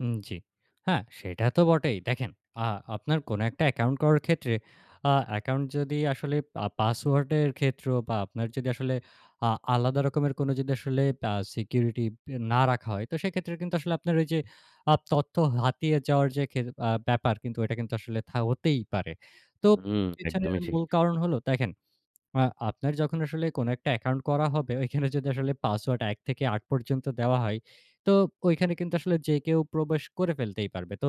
উম, জি। হ্যাঁ, সেটা তো বটেই। দেখেন, আ আপনার কোনো একটা অ্যাকাউন্ট করার ক্ষেত্রে, আ অ্যাকাউন্ট যদি আসলে আ পাসওয়ার্ডের ক্ষেত্রেও বা আপনার যদি আসলে আ আলাদা রকমের কোনো যদি আসলে আ সিকিউরিটি না রাখা হয়, তো সেক্ষেত্রে কিন্তু আসলে আপনার ওই যে, আ তথ্য হাতিয়ে যাওয়ার যে খে আ ব্যাপার কিন্তু ওইটা কিন্তু আসলে থা হতেই পারে। তো হুম, পেছনের একদমই ঠিক। মূল কারণ হলো, দেখেন, আ আপনার যখন আসলে কোনো একটা অ্যাকাউন্ট করা হবে, ওইখানে যদি আসলে পাসওয়ার্ড ১ থেকে ৮ পর্যন্ত দেওয়া হয়, তো ঐখানে কিন্তু আসলে যে কেউ প্রবেশ করে ফেলতেই পারবে। তো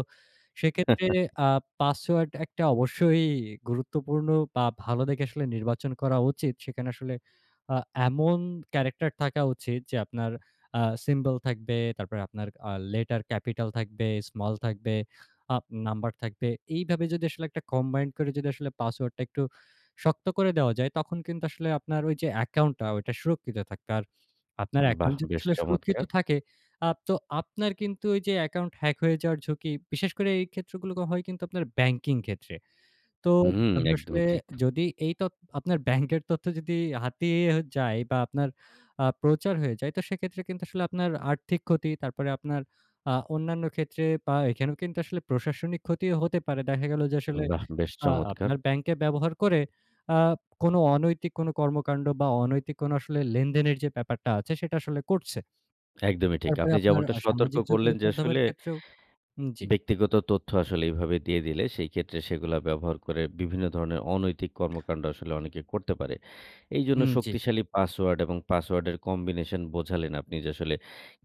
সেক্ষেত্রে আ পাসওয়ার্ড একটা অবশ্যই গুরুত্বপূর্ণ বা ভালো দেখে আসলে নির্বাচন করা উচিত। সেখানে আসলে আ এমন ক্যারেক্টার থাকা উচিত যে আপনার আ সিম্বল থাকবে, তারপরে আপনার আ লেটার ক্যাপিটাল থাকবে, স্মল থাকবে, আ নাম্বার থাকবে। এইভাবে যদি আসলে একটা কম্বাইন করে যদি আসলে পাসওয়ার্ডটা একটু শক্ত করে দেওয়া যায়, তখন কিন্তু আসলে আপনার ওই যে অ্যাকাউন্টটা ওইটা সুরক্ষিত থাকবে। আর আপনার বাহ! অ্যাকাউন্ট যদি বেশ আসলে সুরক্ষিত চমৎকার। থাকে, আ তো আপনার কিন্তু ওই যে অ্যাকাউন্ট হ্যাক হয়ে যাওয়ার ঝুঁকি, বিশেষ করে এই ক্ষেত্রগুলো হয় কিন্তু আপনার ব্যাংকিং ক্ষেত্রে। তো হুম, আপনি আসলে একদমই ঠিক। যদি এই তথ্য আপনার ব্যাংকের তথ্য যদি হাতিয়ে যায় বা আপনার আ আপনার প্রচার হয়ে যায়, সেক্ষেত্রে কিন্তু আসলে আপনার আর্থিক ক্ষতি, তারপর আপনার আ অন্যান্য ক্ষেত্রে, বা এখানে কিন্তু আসলে প্রশাসনিক ক্ষতিও হতে পারে। দেখা গেল যে আসলে বাহ, বেশ আ চমৎকার। আপনার ব্যাংকে ব্যবহার করে আ কোনো অনৈতিক কোনো কর্মকাণ্ড বা অনৈতিক কোনো আসলে লেনদেনের যে ব্যাপারটা আছে সেটা আসলে করছে। একদমই ঠিক। তারপরে আপনি আপনার যেমনটা আ সতর্ক সামাজিক করলেন, যোগাযোগের যে মাধ্যমের আসলে ক্ষেত্রেও উম জি। ব্যক্তিগত তথ্য আসলে এইভাবে দিয়ে দিলে সেই ক্ষেত্রে সেগুলা ব্যবহার করে বিভিন্ন ধরনের অনৈতিক [unintelligible] কর্মকান্ড আসলে অনেকে করতে পারে। এইজন্য হুম, জি। শক্তিশালী পাসওয়ার্ড এবং পাসওয়ার্ড এর কম্বিনেশন বোঝালেন আপনি যে, আসলে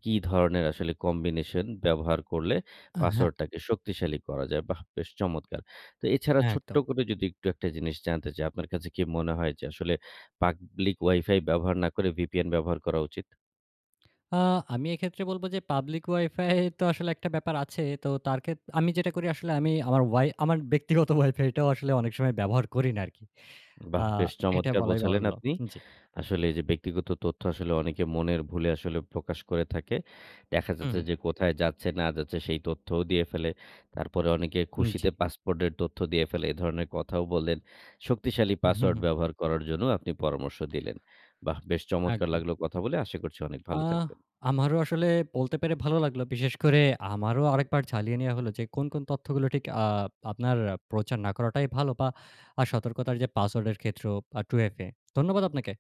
কি ধরনের আসলে কম্বিনেশন ব্যবহার করলে আ, হ্যাঁ। পাসওয়ার্ড টাকে শক্তিশালী করা যায়, বাহ! বেশ চমৎকার। তো এছাড়া হ্যাঁ, ছোট্ট একদম। করে যদি একটু একটা জিনিস জানতে চাই, আপনার কাছে কি মনে হয় যে, আসলে পাবলিক ওয়াইফাই ব্যবহার না করে ভিপিএন ব্যবহার করা উচিত? আ আমি এক্ষেত্রে বলবো যে, পাবলিক ওয়াইফাই তো আসলে একটা ব্যাপার আছে। তো তার ক্ষেত্রে, আমি যেটা করি, আসলে আমি আমার ওয়াই আমার ব্যক্তিগত ওয়াইফাইটাও আসলে অনেক সময় ব্যবহার করি না আরকি। আ বাহ! বেশ এটা চমৎকার বলাই বোঝালেন বাহুল্য। আপনি। জি। আসলে এই যে ব্যক্তিগত তথ্য, আসলে অনেকে মনের ভুলে আসলে প্রকাশ করে থাকে। দেখা হুম, হুম। যাচ্ছে যে কোথায় যাচ্ছে, না যাচ্ছে, সেই তথ্যও দিয়ে ফেলে। তারপরে অনেকে উম, জি। খুশিতে পাসপোর্ট এর তথ্য দিয়ে ফেলে, এ ধরনের কথাও বললেন। শক্তিশালী হুম, পাসওয়ার্ড হুম। ব্যবহার করার জন্যও আপনি পরামর্শ দিলেন। বাহ! বেশ চমৎকার একদম। লাগল কথা বলে। আশা করছি অনেক আ ভালো থাকবেন। আমারও আসলে বলতে পেরে ভালো লাগলো। বিশেষ করে আমারও আরেকবার ঝালিয়ে নেওয়া হলো যে কোন, কোন তথ্যগুলো ঠিক আ আপনার প্রচার না করাটাই ভালো, বা আ সতর্কতার যে পাসওয়ার্ডের ক্ষেত্রেও, বা টু-এফ এ। ধন্যবাদ আপনাকে।